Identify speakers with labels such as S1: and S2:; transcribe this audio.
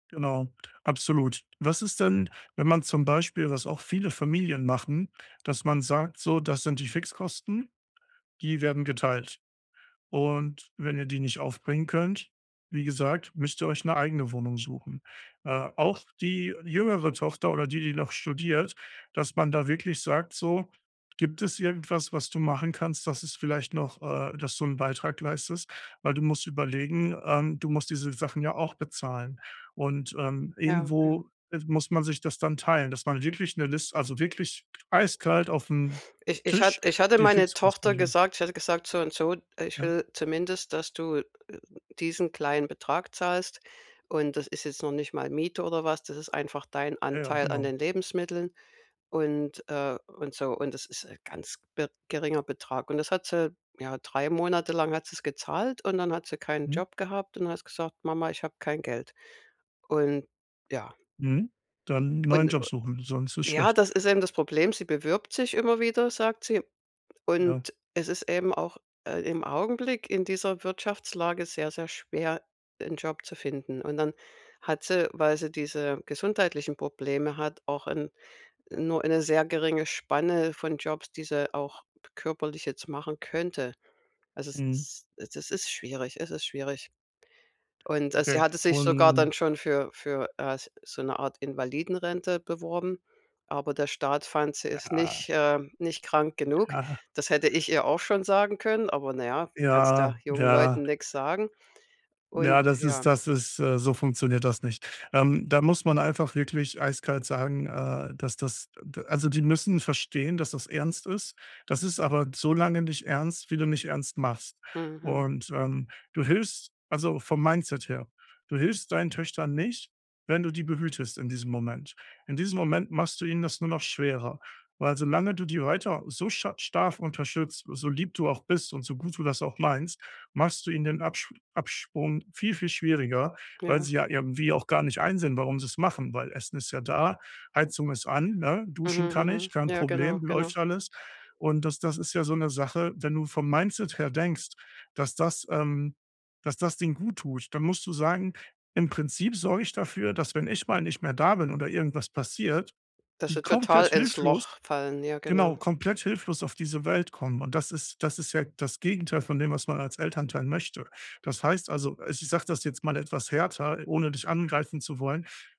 S1: Genau, absolut. Was ist denn, wenn man zum Beispiel was auch viele Familien machen dass man sagt, so: „Das sind die Fixkosten, die werden geteilt und wenn ihr die nicht aufbringen könnt, wie gesagt, müsst ihr euch 'ne eigene Wohnung suchen.“ Äh, auch die jüngere Tochter oder die, die noch studiert dass man da wirklich sagt, so: „Gibt es irgendwas, was du machen kannst, dass es vielleicht noch äh, dass du 'n Beitrag leistest, weil du musst überlegen, ähm, du musst diese Sachen ja auch bezahlen und, ähm,
S2: Ja, okay.
S1: irgendwo muss man sich das dann teilen“, dass man wirklich 'ne Liste also, wirklich eiskalt aufm
S2: Ich ich
S1: Tisch,
S2: hatt ich hatte
S1: die
S2: meine
S1: Fixkosten
S2: Tochter
S1: [unintelligible]
S2: gesagt ich hatte gesagt: „So und so, äh, ich
S1: Ja.
S2: will zumindest, dass du diesen kleinen Betrag zahlst und das ist jetzt noch nicht mal Miete oder was, das ist einfach dein
S1: Ja, ja,
S2: Anteil an
S1: genau.
S2: den Lebensmitteln und, äh und so." Und das ist ganz be geringer Betrag. Und das hat sie ja, 3 Monate lang hat sie's gezahlt und dann hat sie keinen
S1: Mhm.
S2: Job gehabt und hat gesagt: „Mama, ich hab kein Geld." Und ja
S1: Mhm. Dann neuen
S2: Und
S1: Job suchen, sonst ist
S2: Ja,
S1: schlecht.
S2: das ist eben das Problem. Sie bewirbt sich immer wieder, sagt sie.
S1: Ja.
S2: Und es ist eben auch, äh, im Augenblick in dieser Wirtschaftslage sehr, sehr schwer, 'n Job zu finden. Und dann hat sie, weil sie diese gesundheitlichen Probleme hat, auch 'n nur eine sehr geringe Spanne von Jobs, die sie auch körperlich jetzt machen könnte. Also,
S1: Mhm.
S2: es es ist schwierig es ist schwierig. Und, äh, sie
S1: Okay,
S2: hatte sich sogar dann
S1: und
S2: schon für für, äh, so 'ne Art Invalidenrente beworben, aber der Staat fand, sie ist nicht
S1: Ja.
S2: äh, nicht krank genug.
S1: Ja.
S2: Das hätte ich ihr auch schon sagen können, aber naja, kannst ja
S1: Ja.
S2: jungen
S1: Ja.
S2: Leuten nix sagen. Und
S1: Ja, das
S2: ja.
S1: ist das ist Äh, so funktioniert das nicht. Ähm, da muss man einfach wirklich eiskalt sagen, äh, das das also, die müssen verstehen, dass das ernst ist. Das ist aber so lange nicht ernst, wie du nicht ernst machst,
S2: Mhm.
S1: und, ähm, du hilfst also vom Mindset her, du hilfst deinen Töchtern nicht, wenn du die behütest in diesem Moment. In diesem Moment machst du ihnen das nur noch schwerer, weil solange du die weiter so sch stark unterstützt, so lieb du auch bist und so gut du das auch meinst, machst du ihnen den Absch Abprung viel, viel schwieriger, weil
S2: Ja.
S1: sie ja irgendwie auch gar nicht einsehen, warum sie es machen, weil Essen ist ja da, Heizung ist an, ne?
S2: Mhm,
S1: Duschen kann ich,
S2: mhm.
S1: kein
S2: Ja, genau.
S1: Problem,
S2: Genau.
S1: läuft alles und das das ist ja so 'ne Sache, wenn du vom Mindset her denkst, dass das, ähm dass das denen guttut, dann musst du sagen, im Prinzip sorge ich dafür, dass wenn ich mal nicht mehr da bin oder irgendwas passiert,
S2: Dass
S1: die
S2: sie total
S1: komplett
S2: ins
S1: hilflos
S2: Loch fallen, ja genau.
S1: genau, komplett hilflos auf diese Welt kommen. Und das ist das ist ja das Gegenteil von dem, was man als Elternteil möchte. Das heißt, also, i ich sag das jetzt mal etwas härter, ohne dich angreifen zu wollen.